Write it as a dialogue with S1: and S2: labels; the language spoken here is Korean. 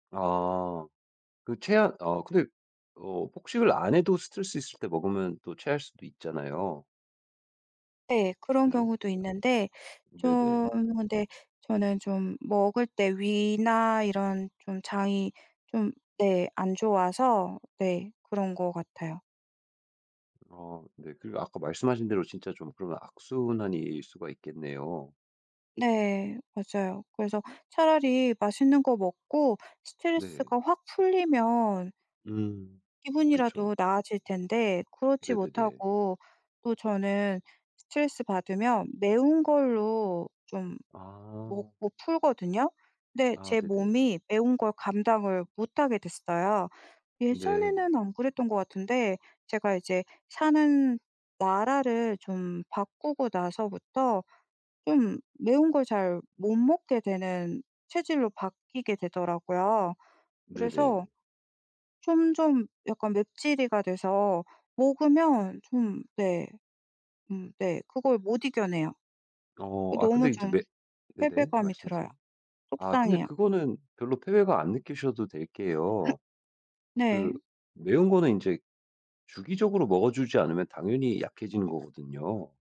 S1: 아. 그 체한 어 근데 어 폭식을 안 해도 스트레스 있을 때 먹으면 또 체할 수도 있잖아요.
S2: 네. 그런
S1: 그죠?
S2: 경우도 있는데 좀
S1: 네네.
S2: 근데 저는 좀 먹을 때 위나 이런 좀 장이 좀 네 안 좋아서 네 그런 것 같아요.
S1: 아 네. 그리고 아까 말씀하신 대로 진짜 좀 그런 악순환일 수가 있겠네요.
S2: 네. 맞아요. 그래서 차라리 맛있는 거 먹고
S1: 네.
S2: 스트레스가 확 풀리면
S1: 음. 그쵸.
S2: 기분이라도 나아질 텐데 그렇지
S1: 네네네.
S2: 못하고 또 저는 스트레스 받으면 매운 걸로 좀
S1: 아.
S2: 먹고 풀거든요. 근데
S1: 아.
S2: 제
S1: 네네.
S2: 몸이 매운 걸 감당을 못 하게 됐어요.
S1: 네.
S2: 예전에는 안 그랬던 것 같은데 제가 이제 사는 나라를 좀 바꾸고 나서부터 좀 매운 걸 잘 못 먹게 되는 체질로 바뀌게 되더라고요.
S1: 네네.
S2: 그래서 좀, 좀 약간 맵찔이가 돼서 먹으면 좀 네. 음 네. 그걸 못 이겨내요.
S1: 어 아
S2: 너무
S1: 근데 이제
S2: 좀
S1: 매 네네
S2: 패배감이 들어요.
S1: 말씀하세요. 아 근데
S2: 속상해요.
S1: 그거는 별로 패배감 안 느끼셔도 될게요. 그
S2: 네.
S1: 매운 거는 인제 주기적으로 먹어주지 않으면 당연히 약해지는 거거든요.